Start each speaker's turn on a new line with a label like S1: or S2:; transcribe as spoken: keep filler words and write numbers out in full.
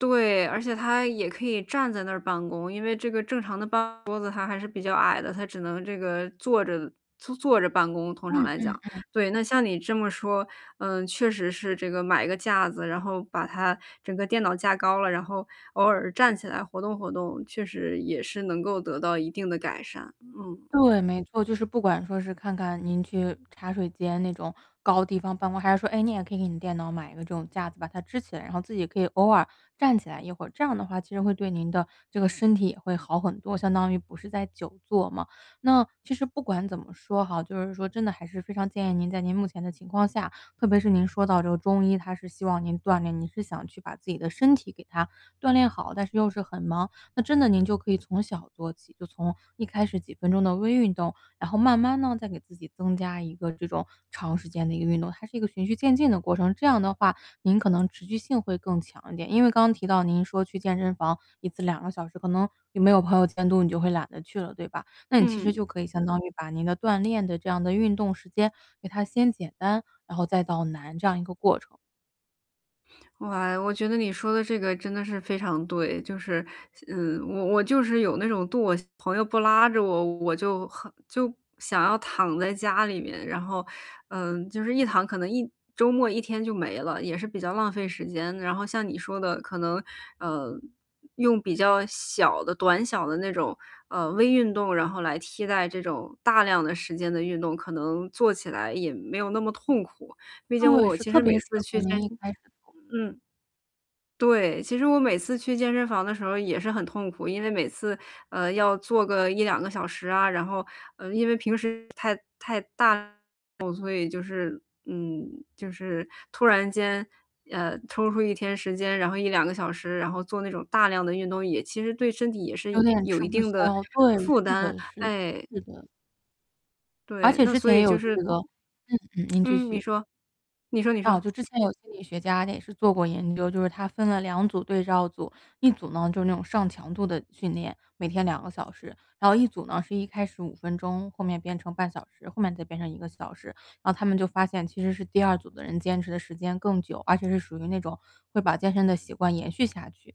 S1: 对，而且它也可以站在那儿办公，因为这个正常的办公桌子，它还是比较矮的，它只能这个坐着坐坐着办公，通
S2: 嗯
S1: 常来讲。
S2: 嗯嗯。
S1: 对，那像你这么说，嗯，确实是这个买个架子，然后把它整个电脑架高了，然后偶尔站起来活动活动，确实也是能够得到一定的改善。嗯
S2: 对，没错，就是不管说是看看您去茶水间那种高地方办公，还是说诶，你也可以给你电脑买一个这种架子把它支起来。然后自己也可以偶尔站起来一会，这样的话其实会对您的这个身体也会好很多，相当于不是在久坐嘛。那其实不管怎么说哈，就是说真的还是非常建议您，在您目前的情况下，特别是您说到这个中医，他是希望您锻炼，您是想去把自己的身体给它锻炼好。但是又是很忙，那真的您就可以从小做起，就从一开始几分钟的微运动。然后慢慢呢再给自己增加一个这种长时间的一个运动，它是一个循序渐进的过程，这样的话您可能持续性会更强一点。因为刚刚提到您说去健身房一次两个小时，可能你没有朋友监督，你就会懒得去了，对吧？那你其实
S1: 嗯。
S2: 就可以相当于把您的锻炼的这样的运动时间给它先简单，然后再到难这样一个过程。
S1: 哇，我觉得你说的这个真的是非常对。就是嗯，我我就是有那种惰我朋友不拉着我，我就很就想要躺在家里面。然后，嗯，就是一躺，可能一周末一天就没了，也是比较浪费时间。然后像你说的可能，呃，用比较小的短小的那种，呃，微运动，然后来替代这种大量的时间的运动，可能做起来也没有那么痛苦。毕竟
S2: 对，
S1: 我
S2: 是
S1: 其
S2: 特
S1: 实
S2: 别
S1: 每
S2: 适
S1: 次
S2: 合
S1: 去健
S2: 您一
S1: 身
S2: 开始做。
S1: 嗯，对，其实我每次去健身房的时候也是很痛苦。因为每次，呃，要做个一两个小时啊。然后，嗯，因为平时太太大了，所以就是嗯，就是突然间呃，抽出一天时间，然后一两个小时，然后做那种大量的运动，也其实对身体也是
S2: 有点
S1: 有
S2: 吃
S1: 一
S2: 不
S1: 定的
S2: 消，对，
S1: 负
S2: 是
S1: 担。
S2: 的是的
S1: 哎！
S2: 是的。而
S1: 对，
S2: 且
S1: 那
S2: 之
S1: 所
S2: 前也
S1: 以就
S2: 有这
S1: 是
S2: 个嗯嗯，您继
S1: 嗯，你
S2: 续。
S1: 说你说你
S2: 啊，
S1: 说。
S2: 就之前有心理学家也是做过研究，就是他分了两组对照组，一组呢就那种上强度的训练，每天两个小时，然后一组呢是一开始五分钟后面变成半小时，后面再变成一个小时。然后他们就发现其实是第二组的人坚持的时间更久，而且是属于那种会把健身的习惯延续下去。